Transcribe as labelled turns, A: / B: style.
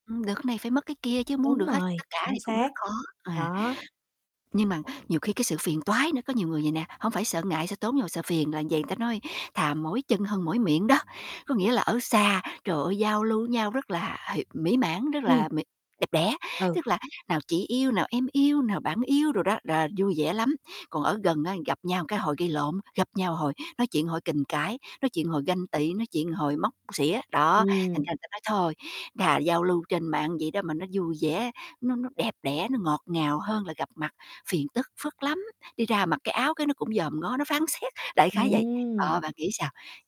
A: Ừm, được cái này phải mất cái kia, chứ muốn
B: Đúng
A: được hết tất
B: rồi,
A: cả
B: [unintelligible]
A: thì cũng rất
B: xác.
A: khó, à.
B: Đó.
A: Nhưng mà nhiều khi cái sự phiền toái nữa, có nhiều người vầy nè, hông phải sợ ngại, sợ tốn nhưng mà sợ phiền, là vầy, ta nói thà "mỏi chân hơn mỏi miệng" đó. Có nghĩa là ở xa, trời ơi, giao lưu nhau rất là, h mỹ mãn, rất
B: Ừm.
A: là mỹ đẹp đẽ,
B: Ừ.
A: tức là nào "chị yêu", nào "em yêu", nào "bạn yêu" đồ đó, rà vui vẻ lắm. Còn ở gần á gặp nhau cái hồi gây lộn, gặp nhau hồi nói chuyện, hồi kình cãi, nói chuyện hồi ganh tị, nói chuyện hồi móc xỉa, đó, thành
B: Ừm.
A: ra ta nói "Thôi, thà giao lưu trên mạng vậy đó mà nó vui vẻ, nó nó đẹp đẽ, nó ngọt ngào hơn là gặp mặt, phiền tức phức lắm, đi ra mặc cái áo cái nó cũng dòm ngó, nó phán xét", đại khái vậy. Đó,
B: Ừm!
A: bạn nghĩ sao?